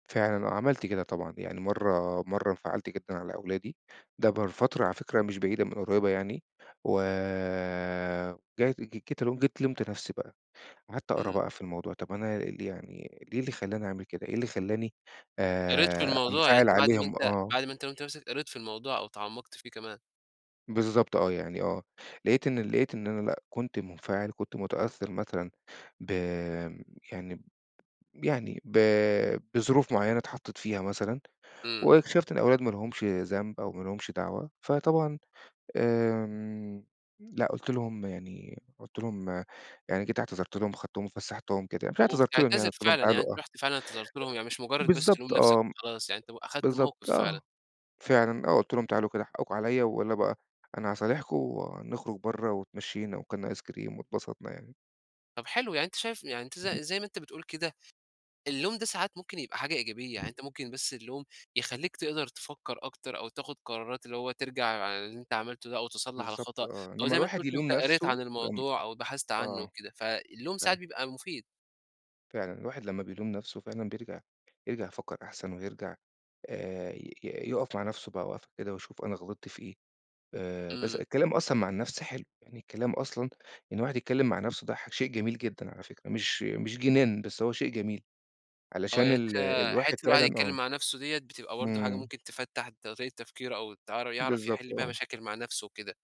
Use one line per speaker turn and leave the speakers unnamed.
فعلًا آه، عملت كده طبعًا. يعني مرّة مرّة انفعلت جدًا على أولادي، ده بال فترة على فكرة مش بعيدة من قريبة يعني و [unintelligible] جيت لُمت نفسي بقى. قعدت أقرا
إمم.
بقى في الموضوع، طَب، أنا يعني ليه إيه اللي خلّاني أعمل كده؟ إيه اللي خلّاني
قريت في
آآ،
الموضوع، يعني
أنفعل
أنت بعد ما
عليهم؟
أنت
آه.
بعد ما أنت لُمت نفسك قريت في الموضوع أو تعمقت فيه كمان.
بالضبط آه، يعني آه، لقيت إن ال لقيت إن أنا لأ، كنت منفعل، كنت متأثر مثلًا ب يعني يعني ب بظروف معيّنة اتحطيت فيها مثلًا،
إمم.
واكتشفت إن الأولاد ما لهمش ذنب أو ما لهمش دعوة. فطبعًا آآ، لأ، قُلت لهم يعني قُلت لهم يعني، جيت اعتذرت لهم أخدتهم وفسحتهم كده. مش اعتذرت لهم يعني
وبتعتذر
قلت لهم
فعلًا؟ يعني
تعالوا
أنت
آه. أ
رُحت فعلًا اعتذرت لهم، يعني مش مجرّد بس لوم
بالضبط
نفسك
آه،
وخلاص يعني أنت أخذت موقف
بالضبط
فعلًا.
آه. فعلًا آه، قُلت لهم: "تعالوا كده حقكم عليَّ، ويالّا بقى أنا هاصالحكم ونخرج برّه." واتمشينا واكلنا آيس كريم واتبسطنا يعني.
طب حلو، يعني أنت شايف يعني أنت ز زي ما أنت بتقول كده، اللوم ده ساعات ممكن يبقى حاجة إيجابية، يعني أنت ممكن بس اللوم يخليك تقدر تفكّر أكتر أو تاخد قرارات اللي هو ترجع عن اللي أنت عملته ده أو تصلح
بالضبط
الخطأ،
آه،
أو
لمّا
زي ما أنت
الواحد
قلت،
يلوم
أنت قريت
نفسه،
عن
لم
الموضوع أو بحثت عنّه
آه،
وكده. فاللوم
ف
ساعات بيبقى مفيد.
فعلًا، الواحد لمّا بيلوم نفسه فعلًا بيرجع يرجع يفكر أحسن، ويرجع آآ، ي ي يُقف مع نفسه بقى وقفة كده ويشوف أنا غلطت في إيه. آآ، بس
إمم.
الكلام أصلًا مع النفس حلو، يعني الكلام أصلًا، إن الواحد يتكلّم مع نفسه ده ح شيء جميل جدًا على فكرة، مش مش جنان بس هو شيء جميل،
آه،
علشان
يعني
ال
أنت
الواحد
حتّة الواحد
فعلًا
يتكلّم
آه.
مع نفسه ديّة بتبقى برضه حاجة
إمم.
ممكن تفتح طريقة التفكير أو ت يعرف يحل
بالضبط
بيها
آه.
مشاكل مع نفسه وكده.